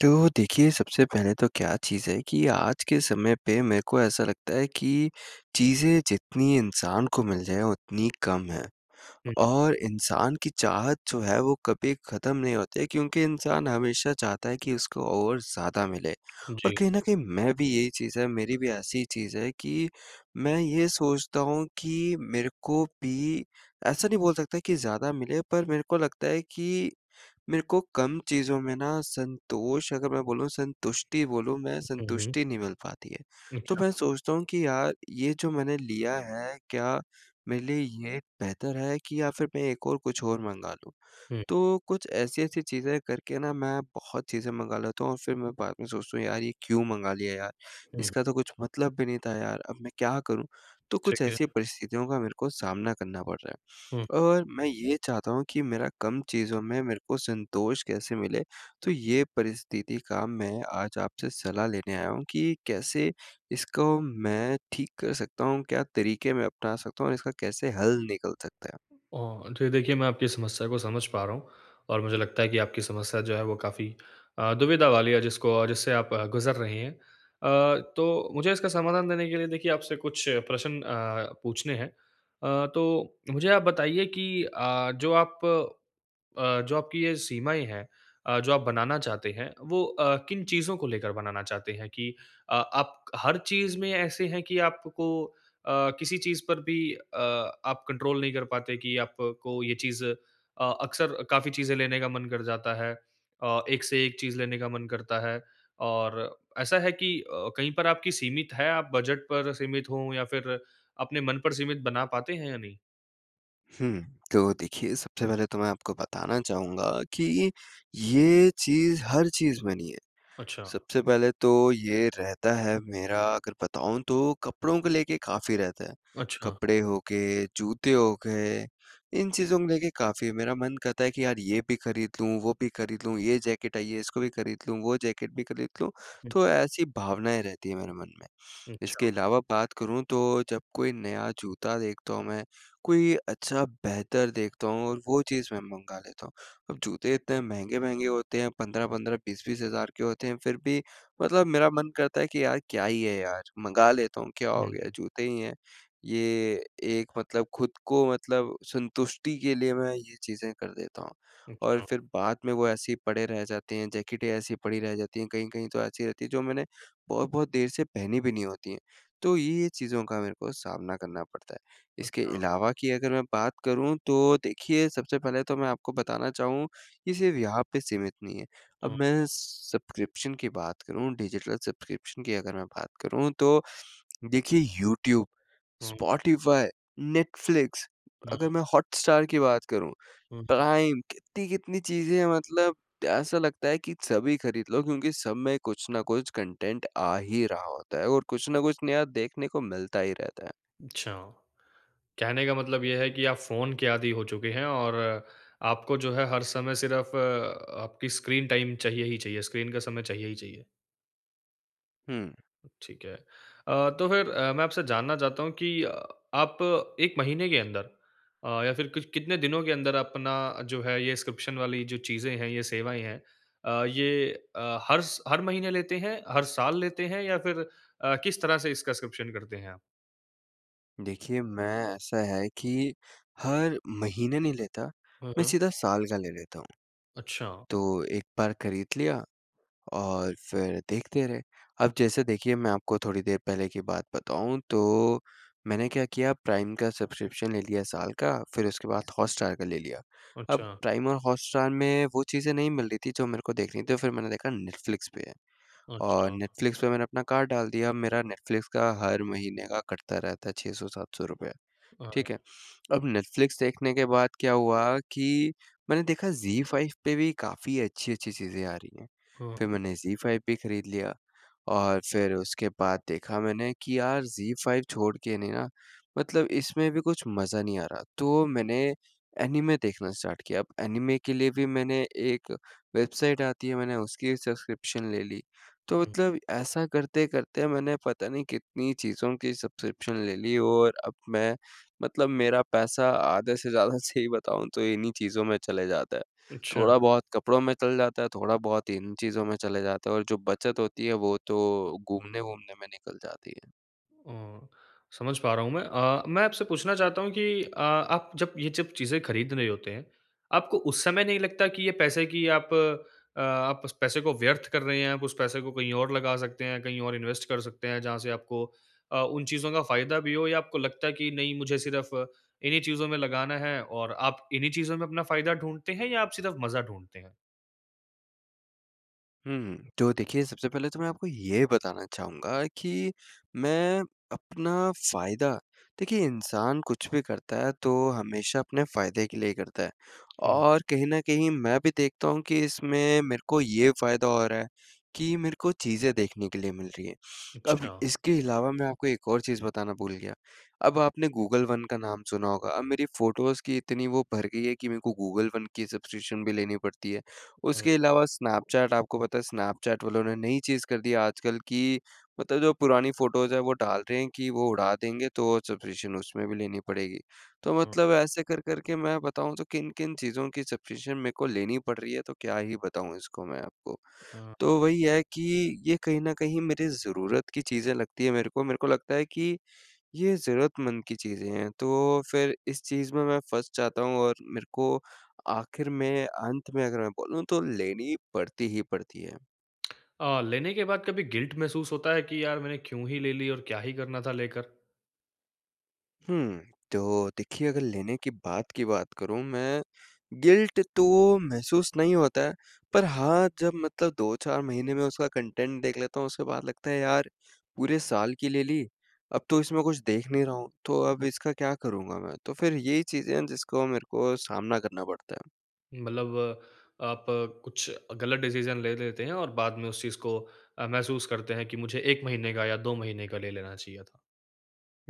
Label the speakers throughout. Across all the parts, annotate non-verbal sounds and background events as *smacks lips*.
Speaker 1: तो देखिए, सबसे पहले तो क्या चीज़ है कि आज के समय पे मेरे को ऐसा लगता है कि चीज़ें जितनी इंसान को मिल जाएँ, उतनी कम है।
Speaker 2: हुँ।
Speaker 1: और इंसान की चाहत जो है, वो कभी ख़त्म नहीं होती है क्योंकि इंसान हमेशा चाहता है कि उसको और ज़्यादा मिले और
Speaker 2: जी।
Speaker 1: कहीं न कहीं मैं भी यही चीज़ है, मेरी भी ऐसी चीज़ है कि मैं ये सोचता हूँ कि मेरे को भी, ऐसा नहीं बोल सकता कि ज़्यादा मिले, पर मेरे को लगता है कि मेरे को कम चीज़ों में ना, संतोष अगर मैं बोलूँ, संतुष्टि बोलूँ मैं,
Speaker 2: हुँ, हुँ।
Speaker 1: संतुष्टि नहीं मिल पाती है। तो मैं
Speaker 2: अच्छा।
Speaker 1: सोचता हूँ कि, "यार, ये जो मैंने लिया है, क्या मेरे लिए ये बेहतर है कि या फिर मैं एक और कुछ और मँगा लूँ?"
Speaker 2: हुँ।
Speaker 1: तो कुछ ऐसी-ऐसी चीज़ें करके ना, मैं बहुत चीज़ें मँगा लेता हूँ और फिर मैं बाद में सोचता हूँ, "यार, ये क्यों मँगा लिया यार?
Speaker 2: हुँ।
Speaker 1: इसका तो कुछ मतलब भी नहीं था यार। अब मैं क्या करूँ?" तो कुछ
Speaker 2: ठीक
Speaker 1: ऐसी
Speaker 2: है।
Speaker 1: परिस्थितियों का मेरे को सामना करना पड़ रहा
Speaker 2: हुँ।
Speaker 1: है, और मैं ये चाहता हूँ कि मेरा कम चीज़ों में मेरे को संतोष कैसे मिले? तो ये परिस्थिति का मैं आज आपसे सलाह लेने आया हूँ कि कैसे इसको मैं ठीक कर सकता हूँ? क्या तरीके मैं अपना सकता हूँ और इसका कैसे हल निकल सकता है?
Speaker 2: अ, जी देखिए, मैं आपकी समस्या को समझ पा रहा हूँ और मुझे लगता है कि आपकी समस्या जो है, वो काफ़ी अ, दुविधा वाली है, जिसको जिससे आप गुज़र रहे हैं। अ, तो मुझे इसका समाधान देने के लिए, देखिए, आपसे कुछ प्रश्न अ, पूछने हैं। अ, तो मुझे आप बताइए कि अ, जो आप अ, जो आपकी ये सीमाएँ हैं अ, जो आप बनाना चाहते हैं, वो अ, किन चीज़ों को लेकर बनाना चाहते हैं कि अ, आप हर चीज़ में ऐसे हैं कि आपको अ, किसी चीज़ पर भी अ, आप कंट्रोल नहीं कर पाते कि आपको ये चीज़ अ, अक्सर काफ़ी चीज़ें लेने का मन कर जाता है अ, एक से एक चीज़ लेने का मन करता है और ऐसा है कि अ, कहीं पर आपकी सीमित है, आप बजट पर सीमित हों या फिर अपने मन पर सीमित बना पाते हैं या नहीं?
Speaker 1: हुँ, तो देखिए, सबसे पहले तो मैं आपको बताना चाहूँगा कि ये, ये चीज़ हर चीज़ में नहीं है।
Speaker 2: अच्छा।
Speaker 1: सबसे पहले तो ये रहता है मेरा अगर बताऊँ तो कपड़ों को लेके काफ़ी रहता है।
Speaker 2: अच्छा।
Speaker 1: कपड़े हो के, जूते हो गए, इन चीज़ों मे देखिए काफ़ी मेरा मन करता है कि यार, ये भी खरीद लूँ, वो भी खरीद लूँ, ये जैकेट आई है इसको भी खरीद लूँ, वो जैकेट भी खरीद लूँ,
Speaker 2: हुँ।
Speaker 1: तो ऐसी भावनाएँ रहती हैं मेरे मन में।
Speaker 2: हुँ,
Speaker 1: *sniffs* इसके
Speaker 2: अच्छा।
Speaker 1: अलावा बात करूँ तो जब कोई नया जूता देखता हूँ मैं, कोई अच्छा बेहतर देखता हूँ और वो चीज़ मैं मँगा लेता हूँ। अब जूते इतने महँगे-महँगे होते हैं 15-15, 20-20 हज़ार के होते हैं, फिर भी मतलब मेरा मन करता है कि यार, क्या ही है यार, मँगा लेता हूँ, क्या
Speaker 2: हुँ,
Speaker 1: हो गया,
Speaker 2: हुँ।
Speaker 1: जूते ही हैं। ये एक मतलब खुद को मतलब संतुष्टि के लिए मैं ये चीजें कर देता हूँ, और
Speaker 2: अच्छा।
Speaker 1: फिर बाद में वो ऐसी ही पड़े रह जाते हैं, जैकेटें ऐसी पड़ी रह जाती हैं, कहीं-कहीं तो ऐसी रहती है जो मैंने बहुत-बहुत देर से पहनी भी नहीं होती है। तो ये-ये चीज़ों का मेरे को सामना करना पड़ता है। इसके
Speaker 2: अच्छा।
Speaker 1: अलावा कि अगर मैं बात करूँ, तो देखिए सबसे पहले तो मैं आपको बताना चाहूँ कि सिर्फ यहाँ पे सीमित नहीं है। अब
Speaker 2: हुँ।
Speaker 1: मैं सब्सक्रिप्शन की बात करूँ डिजिटल सब्सक्रिप्शन की अगर मैं बात करूँ, तो *sniffs* देखिए यूट्यूब,
Speaker 2: हुँ।
Speaker 1: स्पॉटिफाई, नेटफ्लिक्स,
Speaker 2: हुँ।
Speaker 1: अगर मैं हॉटस्टार की बात करूँ,
Speaker 2: हुँ।
Speaker 1: प्राइम, कितनी-कितनी चीज़ें हैं, मतलब त ऐसा लगता है कि सभी खरीद लो क्योंकि सब में कुछ न कुछ कॉन्टेंट आ ही रहा होता है, और कुछ न कुछ नया देखने को मिलता ही रहता है।
Speaker 2: अच्छा। कहने का मतलब ये है कि आप फ़ोन के आदि हो चुके हैं और आपको जो है हर समय सिर्फ अ, आपकी स्क्रीन टाइम चाहिए ही चाहिए। स्क्रीन का समय चाहिए ही चाहिए।
Speaker 1: हुँ।
Speaker 2: ठीक है। अ, तो फिर अ, मैं आपसे जानना चाहता हूँ कि अ, आप 1 महीने के अंदर अ, या फिर कि कितने दिनों के अंदर अपना जो है ये स्क्रिप्शन वाली जो चीजें हैं, ये सेवाएँ हैं अ, ये अ, हर स हर महीने लेते हैं, हर साल लेते हैं? या फिर अ, किस तरह से इसका स्क्रिप्शन करते हैं आप?
Speaker 1: देखिए, मैं ऐसा है कि हर महीने नहीं लेता,
Speaker 2: हुँ,
Speaker 1: मैं
Speaker 2: हुँ।
Speaker 1: सीधा साल का ले लेता हूँ,
Speaker 2: अच्छा।
Speaker 1: तो एक बार खरीद लिया और फिर देखते रहे। अब जैसे देखिए मैं आपको थोड़ी देर पहले की बात बताऊँ तो, मैंने क्या किया प्राइम का सब्सक्रिप्शन ले लिया साल का फिर उसके बाद हॉटस्टार का ले लिया। अब
Speaker 2: अच्छा।
Speaker 1: प्राइम और हॉटस्टार में वो चीज़ें नहीं मिल रही थी जो मेरे को देखनी थी फिर मैंने देखा नेटफ्लिक्स पे है। और
Speaker 2: अच्छा।
Speaker 1: नेटफ्लिक्स पे मैंने अपना कार्ड डाल दिया मेरा नेटफ्लिक्स का हर महीने का कटता रहता है 600-700 रुपये।
Speaker 2: अ, हुँ।
Speaker 1: ठीक है? अब नेटफ्लिक्स देखने के बाद क्या हुआ कि मैंने देखा ज़ी फाइव पे भी काफ़ी अच्छी-अच्छी चीज़ें आ रही हैं।
Speaker 2: हुँ।
Speaker 1: फिर मैंने ज़ी फाइव भी खरीद लिया और फिर उसके बाद देखा मैंने कि यार ज़ी फाइव छोड़ के नहीं ना मतलब इसमें भी कुछ मज़ा नहीं आ रहा, तो मैंने एनीमे देखना स्टार्ट किया अब एनीमे के लिए भी मैंने एक वेबसाइट आती है मैंने उसकी सब्सक्रिप्शन ले ली। तो मतलब ऐसा करते-करते मैंने पता नहीं कितनी चीज़ों की सब्सक्रिप्शन ले ली और अब मैं मतलब मेरा पैसा आधे से ज़्यादा सही बताऊँ तो इन्हीं चीज़ों में चले जाते है।
Speaker 2: अच्छा।
Speaker 1: थोड़ा बहुत कपड़ों में चल जाता है, थोड़ा बहुत इन चीज़ों में चले जाते है और जो बचत होती है वो तो घूमने-वूमने में निकल जाती है।
Speaker 2: अ, समझ पा रहा हूँ मैं। अ, मैं आपसे पूछना चाहता हूँ कि अ, आप जब ये जब चीज़ें खरीद रहे होते हैं, आपको उस समय नहीं लगता कि ये पैसे की आप अ, आप उस पैसे को व्यर्थ कर रहे हैं, आप उस पैसे को कहीं और लगा सकते हैं, कहीं और इन्वेस्ट कर सकते हैं, जहाँ से आपको अ, उन चीज़ों का फ़ायदा भी हो या आपको लगता है कि, "नहीं, मुझे सिर्फ़ इन्ही चीज़ों में लगाना है।" और आप इन्ही चीज़ों में अपना फ़ायदा ढूँढते हैं या आप सिर्फ़ मज़ा ढूँढते हैं?
Speaker 1: हुँ। तो देखिए, सबसे पहले तो मैं आपको ये बताना चाहूँगा कि मैं अपना फ़ायदा देखिए, इंसान कुछ भी करता है, तो हमेशा अपने फ़ायदे के लिए ही करता है
Speaker 2: जी।
Speaker 1: और कहीं न कहीं मैं भी देखता हूँ कि इसमें मेरे को ये फ़ायदा हो रहा है कि मेरे को चीज़ें देखने के लिए मिल रही हैं। अब
Speaker 2: अच्छा।
Speaker 1: इसके अलावा मैं आपको एक और चीज़ बताना भूल गया। अब आपने गूगल वन का नाम सुना होगा, अब मेरी फ़ोटोज़ की इतनी वो भर गई है कि मेरे को गूगल वन की सब्सक्रिप्शन भी लेनी पड़ती है।
Speaker 2: हाँ।
Speaker 1: उसके अलावा स्नैपचैट आपको पता है, स्नैपचैट वालों ने नई चीज़ कर दी आजकल कि मतलब जो पुरानी फ़ोटोज़ हैं, वो डाल रहे हैं कि वो उड़ा देंगे, तो सब्सक्रिप्शन उसमें भी लेनी पड़ेगी। तो
Speaker 2: हाँ।
Speaker 1: मतलब ऐसे कर करके मैं बताऊँ, तो किन-किन चीज़ों की सब्सक्रिप्शन मेरे को लेनी पड़ रही है, तो क्या ही बताऊँ इसको मैं आपको?
Speaker 2: हाँ।
Speaker 1: तो वही है कि ये कहीं न कहीं मेरे ज़रूरत की चीज़ें लगती हैं मेरे को। मेरे को लगता है कि ये ज़रूरतमंद की चीज़ें हैं, तो फिर इस चीज़ में मैं फँस जाता हूँ और मेरे को आखिर में, अंत में अगर मैं बोलूँ, तो लेनी पड़ती ही पड़ती है।
Speaker 2: *smacks lips* अ, लेने के बाद कभी गिल्ट महसूस होता है कि यार मैंने क्यों ही ले ली और क्या ही करना था लेकर?
Speaker 1: हुँ, तो देखिए अगर लेने के बाद की बात करूँ मैं गिल्ट तो महसूस नहीं होता है। पर हाँ जब मतलब 2-4 महीने में उसका कंटेंट देख लेता हूँ उसके बाद लगता है यार पूरे साल की ले ली, अब तो इसमें कुछ देख नहीं रहा हूँ। तो अब इसका क्या करूँगा मैं, तो फ़िर यही चीजें हैं जिसको मेरे को सामना करना पड़ता है।
Speaker 2: मतलब आप कुछ अ, ग़लत डिसीज़न ले लेते हैं और बाद में उस चीज को अ, महसूस करते हैं कि मुझे 1 महीने का या 2 महीने का ले लेना चाहिए था।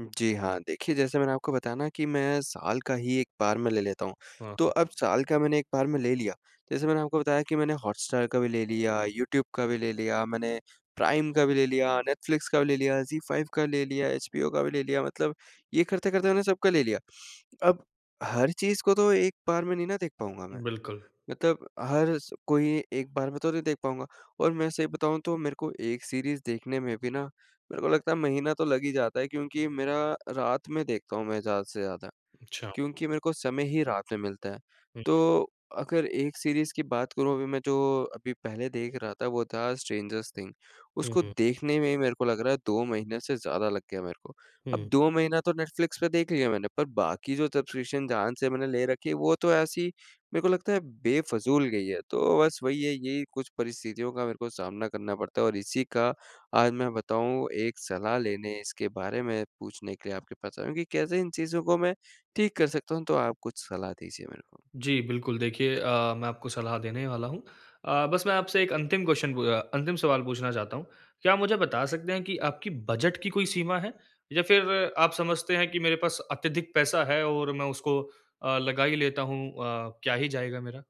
Speaker 1: जी हाँ, देखिए जैसे मैंने आपको बताया ना कि मैं साल का ही 1 बार में ले लेता हूँ।
Speaker 2: हाँ,
Speaker 1: तो अब
Speaker 2: हाँ।
Speaker 1: साल का मैंने 1 बार में ले लिया जैसे मैंने आपको बताया कि मैंने हॉटस्टार का भी ले लिया, यूट्यूब का भी ले लिया, मैंने प्राइम का भी ले लिया, नेटफ्लिक्स का भी ले लिया, ज़ी फाइव का ले लिया, एचबीओ का भी ले लिया मतलब ये करते-करते मैंने सब का ले लिया। *sniffs* अब हर चीज़ को तो 1 बार में नी ना देख पाऊँगा मैं।
Speaker 2: बिल्कुल।
Speaker 1: मतलब हर स कोई 1 बार में तो नहीं देख पाऊँगा और मैं सही बताऊँ तो मेरे को 1 सीरीज़ देखने में भी ना मेरे को लगता है महीना तो लग ही जाता है क्योंकि मेरा रात में देखता हूँ मैं ज़्यादा से ज़्यादा
Speaker 2: अच्छा।
Speaker 1: क्योंकि मेरे को समय ही रात में मिलता है।
Speaker 2: हुँ।
Speaker 1: तो अगर 1 सीरीज़ की बात करूँ अभी मैं जो अभी पहले देख रहा था वो था स्ट्रेंजरस थिंग।
Speaker 2: हुँ,
Speaker 1: उसको
Speaker 2: हुँ।
Speaker 1: देखने में ही मेरे को लग रहा है 2 महीने से ज़्यादा लग गया मेरे को। अब
Speaker 2: हुँ।
Speaker 1: 2 महीना तो नेटफ्लिक्स पे देख लिया मैंने पर बाकी जो सब्सक्रिप्शन जहाँ से मैंने ले रखी हैं वो तो ऐसी मेरे को लगता है बेफ़िज़ूल गई हैं। तो बस वही है यही कुछ परिस्थितियों का मेरे को सामना करना पड़ता है और इसी का आज मैं बताऊँ 1 सलाह लेने, इसके बारे में पूछने के लिए आपके पास आया हूँ कैसे इन चीज़ों को मैं ठीक कर सकता हूँ? तो आप कुछ सलाह दीजिए मेरे को।
Speaker 2: जी, बिल्कुल। देखिए अ, मैं आपको सलाह देने वाला हूँ, अ, बस मैं आपसे 1 अंतिम क्वेस्चन पू अ अंतिम सवाल पूछना चाहता हूँ। क्या आप मुझे बता सकते हैं कि आपकी बजट की कोई सीमा है? या फ़िर आप समझते हैं कि मेरे पास अत्यधिक पैसा है और मैं उसको अ, लगा ही लेता हूँ अ, क्या ही जाएगा मेरा?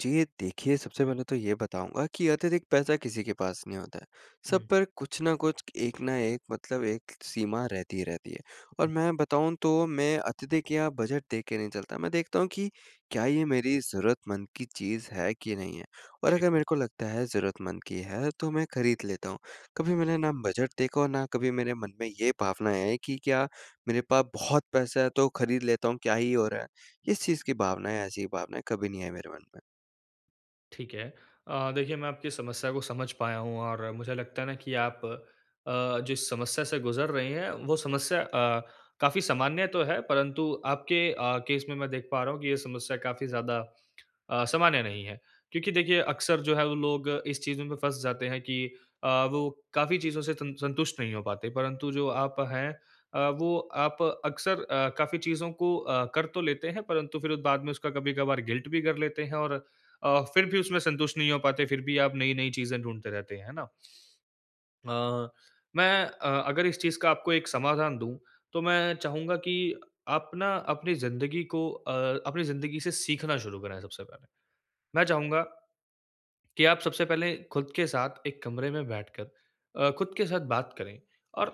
Speaker 1: जी, ये देखिए, सबसे पहले तो ये बताऊँगा कि अतिरिक्त पैसा किसी के पास नहीं होता है। सब
Speaker 2: हुँ।
Speaker 1: पर कुछ न कुछ एक न एक मतलब एक सीमा रहती ही रहती है। और मैं बताऊँ तो मैं अत्यधिक या बजट देख के नहीं चलता। मैं देखता हूँ कि क्या ये मेरी ज़रूरतमंद की चीज़ है कि नहीं है? और
Speaker 2: ठीक
Speaker 1: अगर मेरे
Speaker 2: है।
Speaker 1: को लगता है ज़रूरतमंद की है तो मैं खरीद लेता हूँ। कभी मैंने न बजट देखा और न कभी मेरे मन में ये भावना है कि क्या मेरे पास बहुत पैसा है तो खरीद लेता हूँ क्या ही हो रहा है? इस चीज़ की भावनाएँ ऐसी भावनाएँ कभी नहीं आई मेरे मन में।
Speaker 2: ठीक है। अ, देखिए मैं आपकी समस्या को समझ पाया हूँ और मुझे लगता है न कि आप अ, जिस समस्या से गुज़र रहे हैं वो समस्या अ, काफ़ी सामान्य तो है परंतु आपके अ, केस में मैं देख पा रहा हूँ कि यह समस्या काफ़ी ज़्यादा *clicks tongue* अ, सामान्य नहीं है। क्योंकि देखिए अक्सर जो है वो लोग इस चीज़ में फँस जाते हैं कि अ, वो काफ़ी चीज़ों से सं संतुष्ट नहीं हो पाते परंतु जो आप हैं अ, वो आप अक्सर अ, काफ़ी चीज़ों को अ, कर तो लेते हैं परंतु फिर बाद में उसका कभी-कभार गिल्ट भी कर लेते हैं और अ, फिर भी उसमें संतुष्ट नहीं हो पाते। फिर भी आप नई-नई चीज़ें ढूंढते रहते हैं, है ना? अ, मैं अ, अगर इस चीज़ का आपको एक समाधान दूँ तो मैं चाहूँगा कि आप न अपनी ज़िंदगी को अ, अपनी ज़िंदगी से सीखना शुरू करें सबसे पहले। मैं चाहूँगा कि आप सबसे पहले खुद के साथ एक कमरे में बैठकर अ, खुद के साथ बात करें और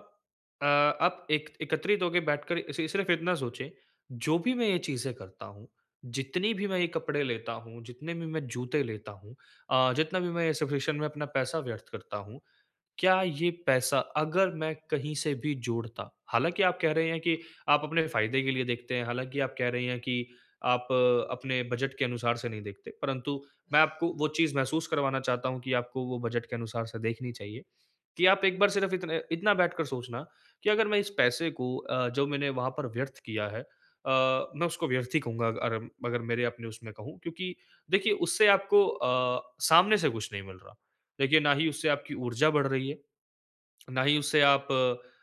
Speaker 2: अ, आप एक एकत्रित होके बैठकर ए, सि सिर्फ़ इतना सोचें, जो भी मैं ये चीज़ें करता हूँ जितनी भी मैं ये कपड़े लेता हूँ, जितने भी मैं जूते लेता हूँ अ, जितना भी मैं ये सफीशन में अपना पैसा व्यर्थ करता हूँ। क्या ये पैसा अगर मैं कहीं से भी जोड़ता हालाँकि आप कह रहे हैं कि आप अपने फ़ायदे के लिए देखते हैं, हालाँकि आप कह रहे है कि आप अपने बजट के अनुसार से नहीं देखते। परंतु मैं आपको वो चीज़ महसूस करवाना चाहता हूँ कि आपको वो बजट के अनुसार से देखनी चाहिए। कि आप एक बार सिर्फ़ इत इतना बैठ कर सोचना कि अगर मैं इस पैसे को अ, जो मैंने वहाँ पर व्यर्थ किया है अ, मैं उसको व्यर्थ ही कहूँगा अग अगर मेरे अपने उसमें कहूँ क्योंकि देखिए उससे आपको अ, सामने से कुछ नहीं मिल रहा। देखिए ना ही उससे आपकी ऊर्जा बढ़ रही है, *smacks lips* ना ही उससे आप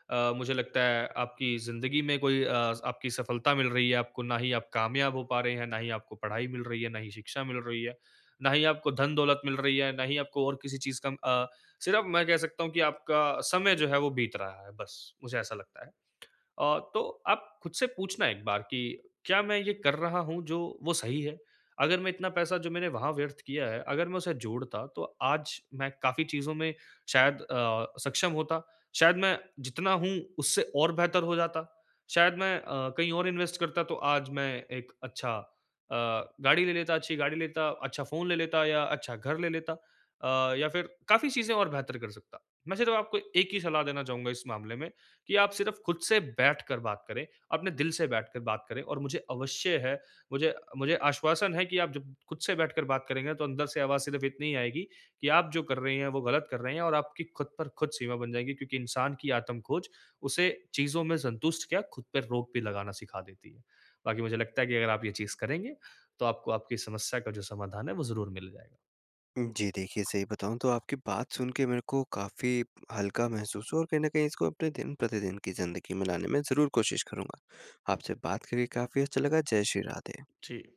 Speaker 2: अ, मुझे लगता है आपकी ज़िंदगी में कोई अ, आपकी सफलता मिल रही है आपको, ना ही आप कामयाब हो पा रहे हैं, ना ही आपको पढ़ाई मिल रही है, ना ही शिक्षा मिल रही है, ना ही आपको धन-दौलत मिल रही है, ना ही आपको और किसी चीज़ का अ, सिर्फ़ मैं कह सकता हूँ कि आपका समय जो है वो बीत रहा है बस, मुझे ऐसा लगता है। *clicks tongue* अ, तो आप खुद से पूछना एक बार कि क्या मैं ये कर रहा हूँ जो वो सही है? अगर मैं इतना पैसा जो मैंने वहाँ व्यर्थ किया है अगर मैं उसे जोड़ता तो आज मैं काफ़ी चीज़ों में शायद अ, सक्षम होता। शायद मैं जितना हूँ उससे और बेहतर हो जाता। शायद मैं अ, कहीं और इन्वेस्ट करता तो आज मैं एक अच्छा अ, गाड़ी ले लेता अच्छी गाड़ी लेता, अच्छा फ़ोन ले लेता या अच्छा घर ले लेता। अ, या फिर काफ़ी चीज़ें और बेहतर कर सकता। मैं सिर्फ़ आपको एक ही सलाह देना चाहूँगा इस मामले में कि आप सिर्फ़ खुद से बैठ कर बात करें, अपने दिल से बैठ कर बात करें और मुझे अवश्य है, मुझे मुझे आश्वासन है कि आप जब खुद से बैठकर बात करेंगे तो अंदर से आवाज़ सिर्फ़ इतनी ही आएगी कि आप जो कर रहे हैं वो ग़लत कर रहे हैं और आपकी खुद पर खुद सीमा बन जाएगी क्योंकि इंसान की आत्म-खोज उसे चीज़ों में संतुष्ट क्या खुद पर रोक भी लगाना सिखा देती है। बाकी मुझे लगता है कि अगर आप ये चीज़ करेंगे तो आपको आपकी समस्या का जो समाधान है वो ज़रूर मिल जाएगा।
Speaker 1: उम, जी देखिए सही बताऊँ तो आपकी बात सुन के मेरे को काफ़ी हल्का महसूस हुआ और कहीं न कहीं इसको अपने दिन-प्रतिदिन की ज़िंदगी में लाने में ज़रूर कोशिश करूँगा। आपसे बात करके काफ़ी अच्छा लगा। जय श्री राधे।
Speaker 2: जी।